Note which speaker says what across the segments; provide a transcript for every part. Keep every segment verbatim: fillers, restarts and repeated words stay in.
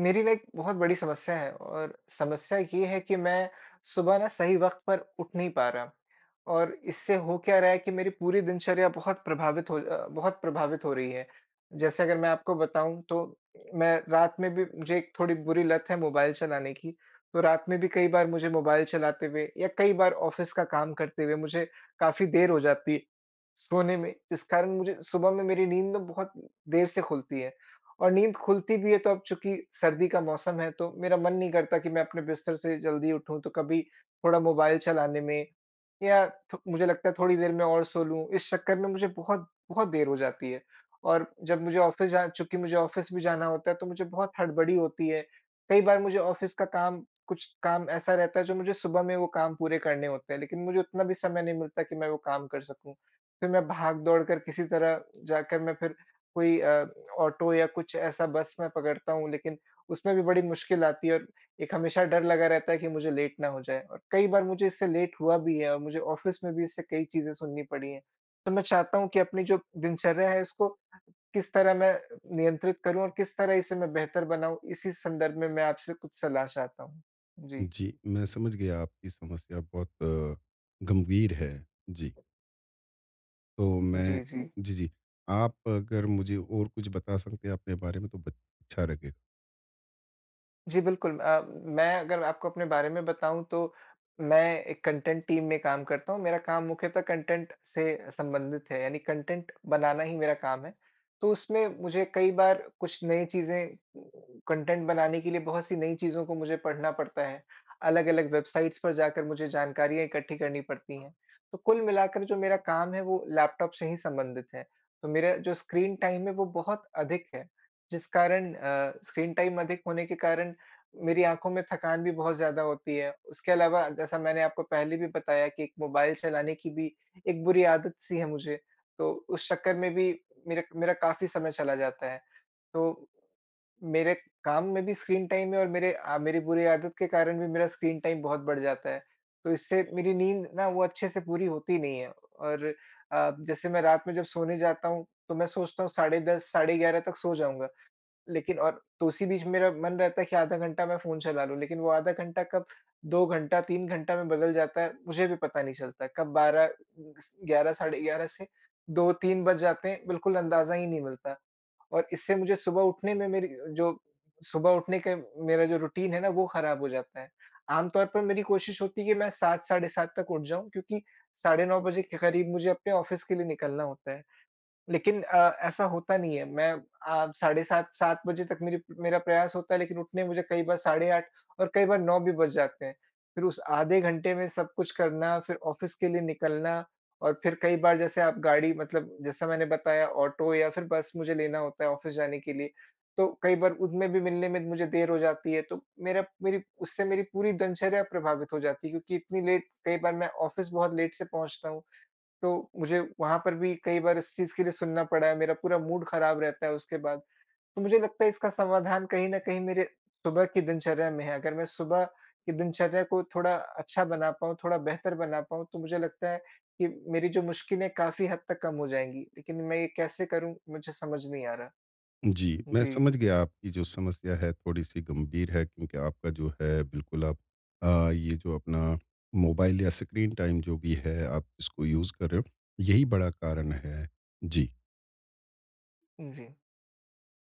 Speaker 1: मेरी लाइक बहुत बड़ी समस्या है और समस्या ये है कि मैं सुबह ना सही वक़्त पर उठ नहीं पा रहा। और इससे हो क्या रहा है कि मेरी पूरी दिनचर्या बहुत प्रभावित हो बहुत प्रभावित हो रही है। जैसे अगर मैं आपको बताऊँ तो मैं रात में भी मुझे थोड़ी बुरी लत है मोबाइल चलाने की। तो रात में भी कई बार मुझे मोबाइल चलाते हुए या कई बार ऑफिस का काम करते हुए मुझे काफ़ी देर हो जाती सोने में जिस कारण मुझे सुबह में मेरी नींद में बहुत देर से खुलती है। और नींद खुलती भी है तो अब चूँकि सर्दी का मौसम है तो मेरा मन नहीं करता कि मैं अपने बिस्तर से जल्दी उठूँ तो कभी थोड़ा मोबाइल चलाने में। या थो मुझे लगता है थोड़ी देर मैं और सो लूँ, इस चक्कर में मुझे बहुत बहुत देर हो जाती है। और जब मुझे ऑफिस जा चूँकि मुझे ऑफिस भी जाना होता है तो मुझे बहुत हड़बड़ी होती है। कई बार मुझे ऑफिस का काम कुछ काम ऐसा रहता है जो मुझे सुबह में वो काम पूरे करने होते हैं लेकिन मुझे उतना भी समय नहीं मिलता कि मैं वो काम कर सकूँ। फिर मैं भाग-दौड़ कर किसी तरह जाकर मैं फिर कोई अ, ऑटो या कुछ ऐसा बस मैं पकड़ता हूँ लेकिन उसमें भी बड़ी मुश्किल आती है। एक हमेशा डर लगा रहता है कि मुझे लेट ना हो जाए। और कई बार मुझे इससे लेट हुआ भी है और मुझे ऑफिस में भी इससे कई चीज़ें सुननी पड़ी है। तो मैं चाहता हूँ कि अपनी जो दिनचर्या है उसको किस तरह मैं नियंत्रित करूँ और किस तरह इसे मैं बेहतर बनाऊँ? इसी संदर्भ में मैं आपसे कुछ सलाह चाहता हूँ, जी।
Speaker 2: जी, मैं समझ गया आपकी समस्या बहुत, गंभीर है। जी। तो मैं
Speaker 1: जी, जी।
Speaker 2: जी, जी। आप अगर मुझे और कुछ बता सकते हैं अपने बारे में तो ब अच्छा लगे
Speaker 1: जी बिल्कुल। अ, मैं अगर आपको अपने बारे में बताऊँ तो मैं एक कंटेंट टीम में काम करता हूँ। मेरा काम मुख्यतः कंटेंट से संबंधित है। यानी कंटेंट बनाना ही मेरा काम है। तो उसमें मुझे कई बार कुछ नई चीज़ें कंटेंट बनाने के लिए बहुत सी नई चीज़ों को मुझे पढ़ना पड़ता है। अलग-अलग वेबसाइट्स पर जाकर मुझे जानकारियाँ इकट्ठी करनी पड़ती हैं। तो कुल मिलाकर जो मेरा काम है वो लैपटॉप से ही संबंधित है। तो मेरा जो स्क्रीन टाइम है वो बहुत अधिक है। जिस कारण अ, स्क्रीन टाइम अधिक होने के कारण मेरी आँखों में थकान भी बहुत ज़्यादा होती है। उसके अलावा जैसा मैंने आपको पहले भी बताया कि एक मोबाइल चलाने की भी एक बुरी आदत सी है मुझे। तो उस चक्कर में भी मेरा मेरा काफ़ी समय चला जाता है तो। मेरे काम में भी स्क्रीन टाइम है और मेरे अ, मेरी बुरी आदत के कारण भी मेरा स्क्रीन टाइम बहुत बढ़ जाता है। तो इससे मेरी नींद ना वो अच्छे से पूरी होती नहीं है और अ, जैसे मैं रात में जब सोने जाता हूँ तो मैं सोचता हूँ साढ़े दस साढ़े ग्यारह तक सो जाऊँगा। लेकिन और तो उसी बीच मेरा मन रहता है कि आधा घंटा मैं फ़ोन चला लूँ लेकिन वो आधा घंटा कब दो घंटा तीन घंटा में बदल जाता है, मुझे भी पता नहीं चलता। कब बारह क्स ग्यारह साढ़े ग्यारह से दो तीन बज जाते हैं, बिल्कुल अंदाज़ा ही नहीं मिलता। और इससे मुझे सुबह उठने में मेरी जो सुबह उठने का मेरा जो रूटीन है ना वो खराब हो जाता है। आम तौर पर मेरी कोशिश होती कि मैं सात साढ़े सात तक उठ जाऊँ क्योंकि साढ़े नौ बजे के करीब मुझे अपने ऑफिस के लिए निकलना होता है। लेकिन अ, ऐसा होता नहीं है। मैं अ, साढ़े सात सात बजे तक मेरी मेरा प्रयास होता है लेकिन उठने में मुझे कई बार साढ़े आठ और कई बार नौ भी बज जाते हैं। फिर उस आधे घंटे में सब कुछ करना फिर ऑफिस के लिए निकलना और फिर कई बार जैसे आप गाड़ी मतलब जैसा मैंने बताया ऑटो या फिर बस मुझे लेना होता है ऑफिस जाने के लिए। तो कई बार उनमे भी मिलने में मुझे देर हो जाती है तो मेरा मेरी उससे मेरी पूरी दिनचर्या प्रभावित हो जाती है क्योंकि इतनी लेट कई बार मैं ऑफिस बहुत लेट से पहुँचता हूँ। तो मुझे वहाँ पर भी कई बार इस चीज़ के लिए सुनना पड़ा है। मेरा पूरा मूड खराब रहता है उसके बाद। तो मुझे लगता है इसका समाधान कहीं न कहीं मेरे सुबह की दिनचर्या में है। अगर मैं सुबह की दिनचर्या को थोड़ा अच्छा बना पाऊँ थोड़ा बेहतर बना पाऊँ तो मुझे लगता है कि मेरी जो मुश्किलें काफ़ी हद तक कम हो जाएँगी। लेकिन मैं ये कैसे करूँ? मुझे समझ नहीं आ रहा,
Speaker 2: जी, मैं
Speaker 1: जी।
Speaker 2: समझ गया आपकी जो समस्या है थोड़ी सी गंभीर है क्योंकि आपका जो है बिल्कुल आप अ, ये जो अपना मोबाइल या स्क्रीन टाइम जो भी है आप इसको यूज़ कर रहे हो, यही बड़ा कारण है, जी।
Speaker 1: जी।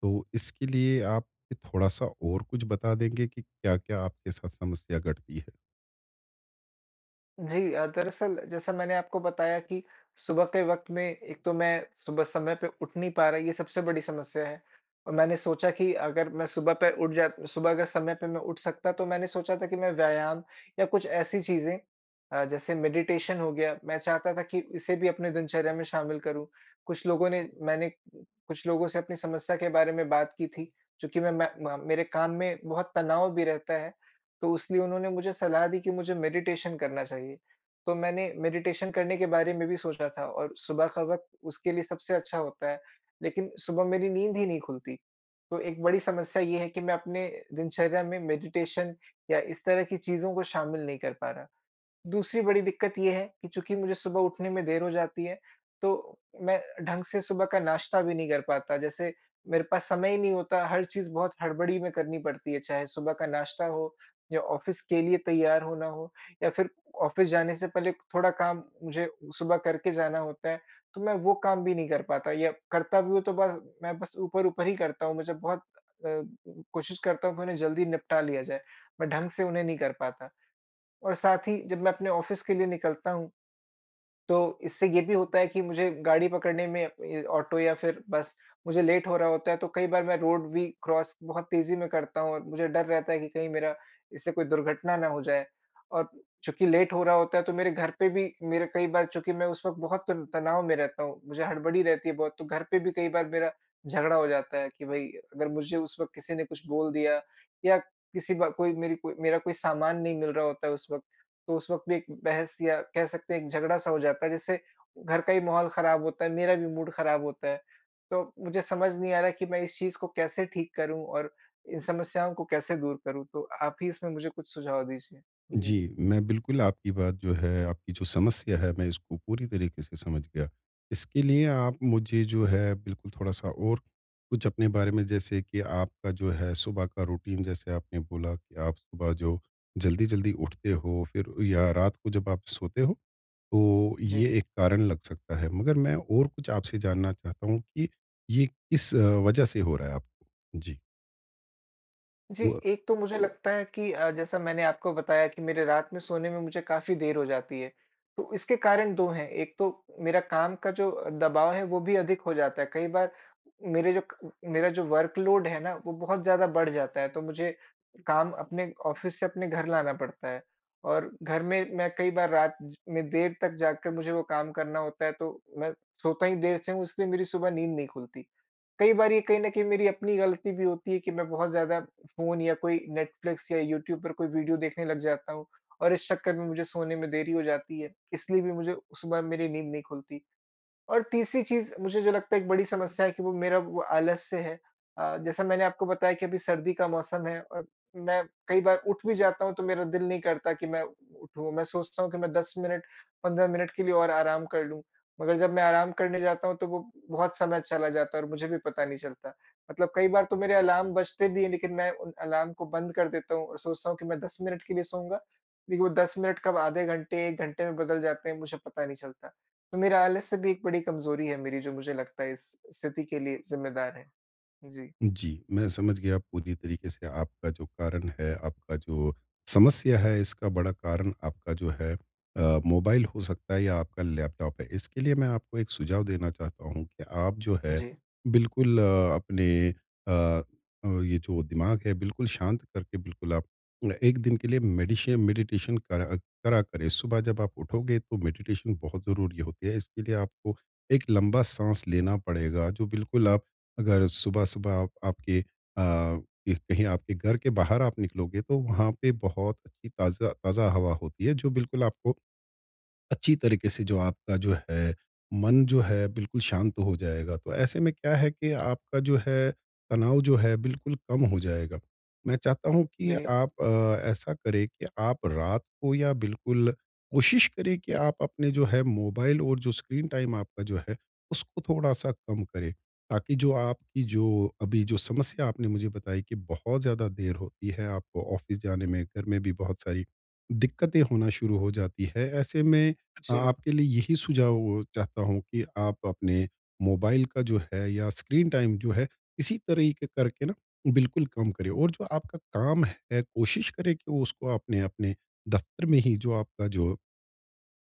Speaker 2: तो, इसके लिए आप भी थोड़ा-सा और कुछ बता देंगे कि क्या-क्या आपके साथ समस्या घटती है?
Speaker 1: जी अ, दरअसल जैसा मैंने आपको बताया कि सुबह के वक़्त में एक तो मैं सुबह समय पे उठ नहीं पा रहा, ये सबसे बड़ी समस्या है। मैंने सोचा कि अगर मैं सुबह पे उठ जा सुबह अगर समय पे मैं उठ सकता तो मैंने सोचा था कि मैं व्यायाम या कुछ ऐसी चीज़ें अ, जैसे मेडिटेशन हो गया, मैं चाहता था कि इसे भी अपने दिनचर्या में शामिल करूँ। कुछ लोगों ने मैंने कुछ लोगों से अपनी समस्या के बारे में बात की थी क्योंकि मैं मैं म मेरे काम में बहुत तनाव भी रहता है। तो इसलिए उन्होंने मुझे सलाह दी कि मुझे मेडिटेशन करना चाहिए। तो मैंने मेडिटेशन करने के बारे में भी सोचा था और सुबह का वक़्त उसके लिए सबसे अच्छा होता है। लेकिन सुबह मेरी नींद ही नहीं खुलती। तो एक बड़ी समस्या ये है कि मैं अपने दिनचर्या में मेडिटेशन या इस तरह की चीज़ों को शामिल नहीं कर पा रहा। दूसरी बड़ी दिक़्क़त ये है कि चूँकि मुझे सुबह उठने में देर हो जाती है तो मैं ढंग से सुबह का नाश्ता भी नहीं कर पाता। जैसे मेरे पास समय ही नहीं होता, हर चीज़ बहुत हड़बड़ी में करनी पड़ती है, चाहे सुबह का नाश्ता हो या ऑफ़िस के लिए तैयार होना हो या फ़िर ऑफ़िस जाने से पहले थोड़ा काम मुझे सुबह करके जाना होता है। तो मैं वो काम भी नहीं कर पाता या करता भी हूँ तो बस मैं बस ऊपर-ऊपर ही करता हूँ। मुझे बहुत अ, कोशिश करता हूँ कि उन्हें जल्दी निपटा लिया जाए। मैं ढंग से उन्हें नहीं कर पाता। और साथ ही जब मैं अपने ऑफ़िस के लिए निकलता हूँ। तो इससे ये भी होता है कि मुझे गाड़ी पकड़ने में ए, ऑटो या फ़िर बस मुझे लेट हो रहा होता है तो कई बार मैं रोड भी क्रॉस बहुत तेज़ी में करता हूँ और मुझे डर रहता है कि कहीं मेरा इससे कोई दुर्घटना ना हो जाए और चूँकि लेट हो रहा होता है तो मेरे घर पे भी मेरे कई बार चूँकि मैं उस वक़्त बहुत तन तनाव में रहता हूँ। मुझे हड़बड़ी रहती है बहुत तो घर पे भी कई बार मेरा झगड़ा हो जाता है कि भई अगर मुझे उस वक़्त किसी ने कुछ बोल दिया या किसी ब कोई मेरी कोई मेरा कोई सामान नहीं मिल रहा होता है उस वक़्त तो उस वक़्त भी एक बहस या कह सकते हैं एक झगड़ा-सा हो जाता है जिससे घर का ही माहौल ख़राब होता है, मेरा भी मूड ख़राब होता है। तो, मुझे समझ नहीं आ रहा कि मैं इस चीज़ को कैसे ठीक करूँ और इन समस्याओं को कैसे दूर करूँ तो, आप ही इसमें मुझे कुछ सुझाव दीजिए। जी।
Speaker 2: जी, मैं बिल्कुल आपकी बात जो है, आपकी जो समस्या है, मैं इसको पूरी तरीके से समझ गया। इसके लिए आप मुझे जो है बिल्कुल थोड़ा-सा और कुछ अपने बारे में जैसे कि आपका जो है सुबह का रूटीन जैसे आपने बोला कि आप सुबह जो जल्दी-जल्दी उठते हो फ़िर या रात को जब आप सोते हो, तो
Speaker 1: जी।
Speaker 2: ये एक कारण लग सकता है। मगर मैं और कुछ आपसे जानना चाहता हूँ कि ये किस वजह से हो रहा है आपको? जी।
Speaker 1: जी।
Speaker 2: हुआ।
Speaker 1: एक तो मुझे लगता है कि अ, जैसा मैंने आपको बताया कि मेरे रात में सोने में मुझे काफ़ी देर हो जाती है। तो इसके कारण दो हैं, एक तो मेरा काम का जो दबाव है वो भी अधिक हो जाता है। कई बार मेरे जो मेरा जो वर्क लोड है ना, वो बहुत ज़्यादा बढ़ जाता है। तो मुझे काम अपने ऑफ़िस से अपने घर लाना पड़ता है। और घर में मैं कई बार रात ज में देर तक जाग कर मुझे वो काम करना होता है तो मैं सोता ही देर से हूँ इसलिए मेरी सुबह नींद नहीं खुलती। कई बार ये कहीं न कहीं मेरी अपनी गलती भी होती है कि मैं बहुत ज़्यादा फ़ोन या कोई नेटफ्लिक्स या यूट्यूब पर कोई वीडियो देखने लग जाता हूँ और इस चक्कर में मुझे सोने में देरी हो जाती है इसलिए भी मुझे सुबह मेरी नींद नहीं खुलती। और तीसरी चीज़ मुझे जो लगता है एक बड़ी समस्या है कि वो मेरा वो आलस्य है। अ, जैसा मैंने आपको बताया कि अभी सर्दी का मौसम है और मैं कई बार उठ भी जाता हूँ तो मेरा दिल नहीं करता कि मैं उठूँ। मैं सोचता हूँ कि मैं दस मिनट, पंद्रह मिनट के लिए और आराम कर लूँ। मगर जब मैं आराम करने जाता हूँ तो वो बहुत समय चला जाता है और मुझे भी पता नहीं चलता मतलब कई बार तो मेरे अलार्म बजते भी हैं लेकिन मैं उन अलार्म को बंद कर देता हूँ और सोचता हूँ कि मैं दस मिनट के लिए सोऊँगा लेकिन वो दस मिनट कब आधे घंटे, एक घंटे में बदल जाते हैं मुझे पता नहीं चलता। तो मेरा आलस्य भी एक बड़ी कमजोरी है मेरी जो मुझे लगता है इस स्थिति के लिए ज़िम्मेदार है। जी।
Speaker 2: जी, मैं समझ गया पूरी तरीके से आपका जो कारण है, आपका जो समस्या है इसका बड़ा कारण आपका जो है अ, मोबाइल हो सकता है या आपका लैपटॉप है। इसके लिए मैं आपको एक सुझाव देना चाहता हूँ कि आप जो है
Speaker 1: जी।
Speaker 2: बिल्कुल अ, अपने अ अ, ये जो दिमाग है बिल्कुल शांत करके बिल्कुल आप न एक दिन के लिए मेडिशे मेडिटेशन कर करा करें। सुबह जब आप उठोगे तो मेडिटेशन बहुत ज़रूरी होती है इसके लिए आपको एक लंबा साँस लेना पड़ेगा, जो बिल्कुल आप अगर सुबह-सुबह आप आपके अ, एक कहीं आपके घर के बाहर आप निकलोगे तो वहाँ पे बहुत ताज़ा ताज़ा हवा होती है जो बिल्कुल आपको, अच्छी तरीके से जो आपका जो है मन जो है बिल्कुल शांत हो जाएगा। तो ऐसे में क्या है कि आपका जो है तनाव जो है बिल्कुल कम हो जाएगा। मैं चाहता हूँ कि
Speaker 1: जी।
Speaker 2: आप अ, ऐसा करें कि आप रात को या बिल्कुल कोशिश करें कि आप अपने जो है मोबाइल और जो स्क्रीन टाइम आपका जो है उसको थोड़ा-सा कम करें। ताकि जो आपकी जो अभी जो समस्या आपने मुझे बताई कि बहुत ज़्यादा देर होती है आपको ऑफ़िस जाने में, घर में भी बहुत सारी दिक्कतें होना शुरू हो जाती हैं। ऐसे मैं
Speaker 1: जी।
Speaker 2: आपके लिए यही सुझाव चाहता हूँ कि आप अपने मोबाइल का जो है या स्क्रीन टाइम जो है, इसी तरीके करके न बिल्कुल कम करें। और जो आपका काम है, कोशिश करें कि वो उसको आपने अपने दफ़्तर में ही जो आपका जो,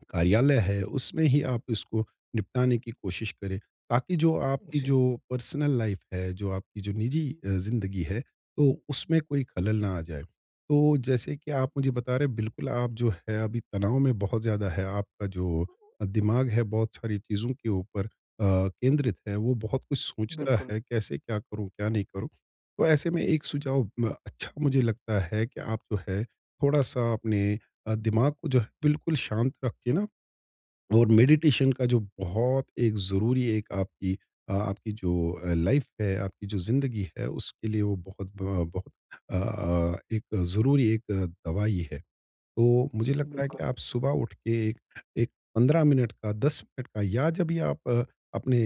Speaker 2: कार्यालय है उसमें ही आप इसको निपटाने की कोशिश करें। ताकि जो आपकी
Speaker 1: जी।
Speaker 2: जो पर्सनल लाइफ़ है, जो आपकी जो निजी अ, जिंदगी है, तो उसमें कोई खलल ना आ जाए। तो जैसे की आप मुझे बता रहे हैं बिल्कुल आप जो हैं अभी तनाव में बहुत ज़्यादा है, आपका जो अ, दिमाग है बहुत सारी चीज़ों के ऊपर अ, केंद्रित है। वो बहुत कुछ सोचता
Speaker 1: बिल्कुल।
Speaker 2: है कैसे क्या करूँ, क्या नहीं करूँ? तो ऐसे में एक सुझाव म अच्छा मुझे लगता है कि आप जो है थोड़ा-सा अपने अ, दिमाग को जो है बिल्कुल शांत रख के न और मेडिटेशन का जो बहुत एक ज़रूरी एक आपकी अ आपकी जो लाइफ़ है आपकी जो ज़िंदगी है उसके लिए वो बहुत ब बहुत अ, एक ज़रूरी एक दवाई है। तो मुझे लगता है
Speaker 1: बिल्कुल।
Speaker 2: कि आप सुबह उठ के एक एक पंद्रह मिनट का, दस मिनट का या जब भी आप अपने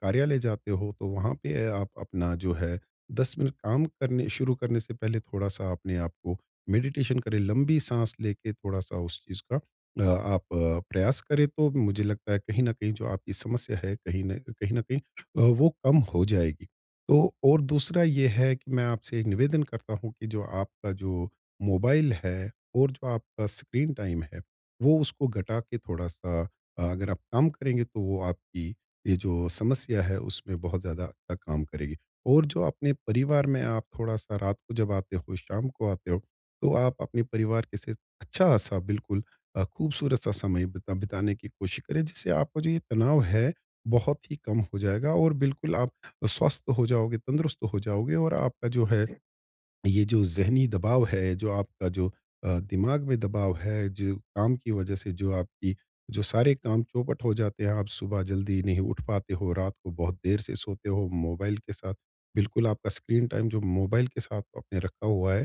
Speaker 2: कार्यालय जाते हो तो वहाँ पे आप अपना जो है दस मिनट काम करने शुरू करने से पहले थोड़ा-सा अपने आपको मेडिटेशन करें, लंबी साँस लेके थोड़ा-सा उस चीज़ का अ, आप प्रयास करें तो मुझे लगता है कहीं न कहीं जो आपकी समस्या है, कहीं न कहीं न कहीं अ, वो कम हो जाएगी। तो और दूसरा ये है कि मैं आपसे निवेदन करता हूँ कि जो आपका जो मोबाइल है, और जो आपका स्क्रीन टाइम है, वो उसको घटा के थोड़ा-सा अ अगर आप काम करेंगे तो वो आपकी ये जो समस्या है उसमें बहुत ज़्यादा अच्छा काम करेगी। और जो अपने परिवार में आप थोड़ा-सा रात को जब आते हो, शाम को आते हो, तो आप अपने परिवार के से अच्छा-सा बिल्कुल अ, खूबसूरत-सा समय बिता बिताने की कोशिश करें, जिससे आपका जो ये तनाव है, बहुत ही कम हो जाएगा और बिल्कुल आप स्वस्थ हो जाओगे, तंदुरुस्त हो जाओगे और आपका जो है
Speaker 1: जी।
Speaker 2: ये जो ज़हनी दबाव है जो आपका जो अ, दिमाग में दबाव है, जो काम की वज़ह से जो आपकी जो सारे काम चौपट हो जाते हैं, आप सुबह जल्दी नहीं उठ पाते हो, रात को बहुत देर से सोते हो मोबाइल के साथ बिल्कुल आपका स्क्रीन टाइम जो मोबाइल के साथ आपने रखा हुआ है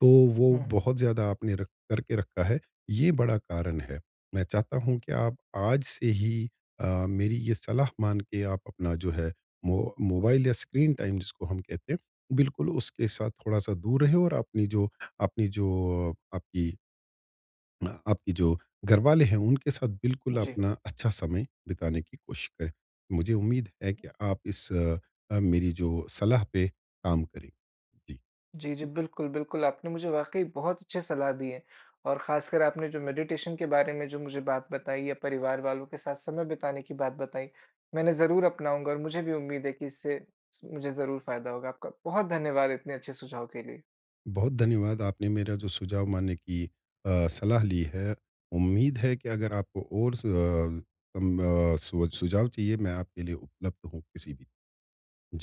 Speaker 2: तो वो
Speaker 1: हुँ, हुँ।
Speaker 2: बहुत ज़्यादा आपने र करके रखा है ये बड़ा कारण है। मैं चाहता हूँ कि आप आज से ही अ, मेरी ये सलाह मान के आप अपना जो है मो मोबाइल या स्क्रीन टाइम जिसको हम कहते हैं बिल्कुल उसके साथ थोड़ा-सा दूर रहें और अपनी जो अपनी जो आपकी अ, आपकी जो घरवाले हैं उनके साथ बिल्कुल
Speaker 1: जी।
Speaker 2: अपना अच्छा समय बिताने की कोशिश करें। मुझे उम्मीद है कि आप इस अ, मेरी जो सलाह पे काम करें। जी।
Speaker 1: जी, जी। बिल्कुल, बिल्कुल आपने मुझे वाक़ई बहुत अच्छे सलाह दी है। और ख़ासकर आपने जो मेडिटेशन के बारे में जो मुझे बात बताई या परिवार वालों के साथ समय बिताने की बात बताई मैं इन्हें ज़रूर अपनाऊँगा और मुझे भी उम्मीद है कि इससे मुझे ज़रूर फ़ायदा होगा। आपका बहुत धन्यवाद इतने अच्छे सुझाव के लिए।
Speaker 2: बहुत धन्यवाद, आपने मेरा जो सुझाव मानने की अ, सलाह ली है। उम्मीद है कि अगर आपको और सु अ, म स सुझाव चाहिए मैं आपके लिए उपलब्ध हूँ किसी भी जी।